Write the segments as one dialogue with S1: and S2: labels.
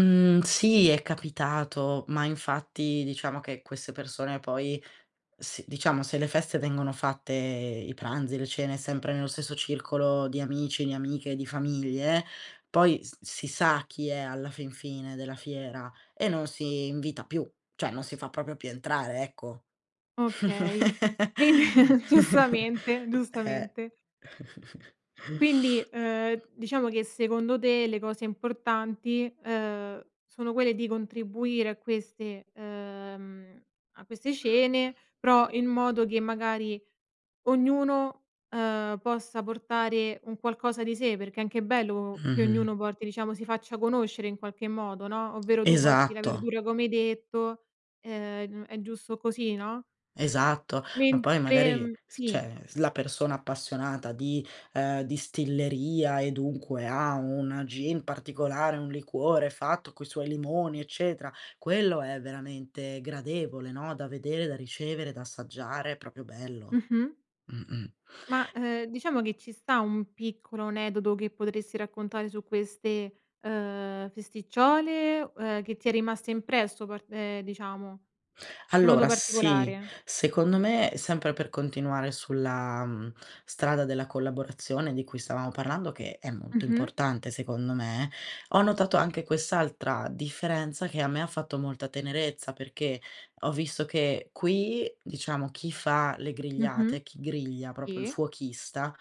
S1: Mh, sì, è capitato, ma infatti diciamo che queste persone poi si diciamo se le feste vengono fatte i pranzi, le cene sempre nello stesso circolo di amici, di amiche, di famiglie, poi s si sa chi è alla fin fine della fiera e non si invita più; cioè non si fa proprio più entrare, ecco.
S2: Okay, quindi giustamente,
S1: Eh.
S2: giustamente. Quindi, uhm, diciamo che secondo te le cose importanti, uhm, sono quelle di contribuire a queste uhm, a queste cene, però in modo che magari ognuno, ehm, possa portare un qualcosa di sé, perché è anche bello che
S1: Mh-mh.
S2: ognuno porti, diciamo, si faccia conoscere in qualche modo, no. Ovvero tu porti la
S1: Esatto.
S2: verdura come hai detto, ehm, n è giusto così, no?
S1: Esatto. Ma poi
S2: Mentre
S1: magari,
S2: mhmm, sì.
S1: cioè s la persona appassionata di ehm, distilleria e dunque ha un gin particolare, un liquore fatto coi suoi limoni eccetera, quello è veramente gradevole, no, da vedere, da ricevere, da assaggiare, è proprio bello.
S2: Mh-mh.
S1: Mh-mh.
S2: Ma,
S1: E
S2: ehm, diciamo che ci sta un piccolo aneddoto che potresti raccontare su queste, uhm, festicciole, uhm, che ti è rimasta impresso par ehm, diciamo in modo
S1: Allora sì,
S2: particolare?
S1: secondo me, sempre per continuare sulla, mhmm, strada della collaborazione di cui stavamo parlando che è molto
S2: Mh-mh.
S1: importante secondo me, ho notato anche quest'altra differenza che a me ha fatto molta tenerezza, perché ho visto che qui, diciamo chi fa le
S2: Mh-mh.
S1: grigliate, chi griglia, proprio il
S2: Sì.
S1: fuochista,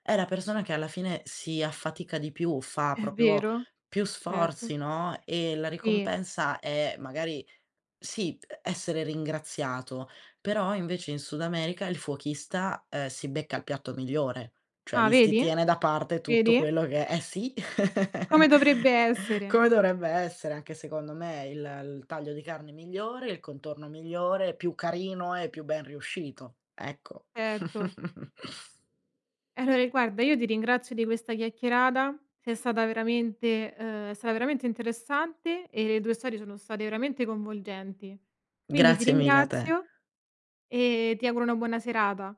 S1: è la persona che alla fine si affatica di più, fa
S2: È
S1: proprio
S2: vero,
S1: più
S2: certo.
S1: sforzi, no. E la
S2: Sì.
S1: ricompensa è magari sì, essere ringraziato, però invece in Sud America il fuochista, uhm, si becca il piatto migliore, cioè
S2: Ah
S1: gli si
S2: vedi,
S1: tiene da parte tutto
S2: vedi.
S1: quello che eh sì,
S2: Come dovrebbe essere.
S1: come dovrebbe essere anche secondo me il il taglio di carne migliore, il contorno migliore, più carino e più ben riuscito, ecco.
S2: Erto. Allora guarda, io ti ringrazio di questa chiacchierata, sei stata veramente ehm, è stata veramente interessante e le tue storie sono state veramente coinvolgenti. Quindi ti
S1: Grazie mille a te.
S2: ringrazio e ti auguro una buona serata.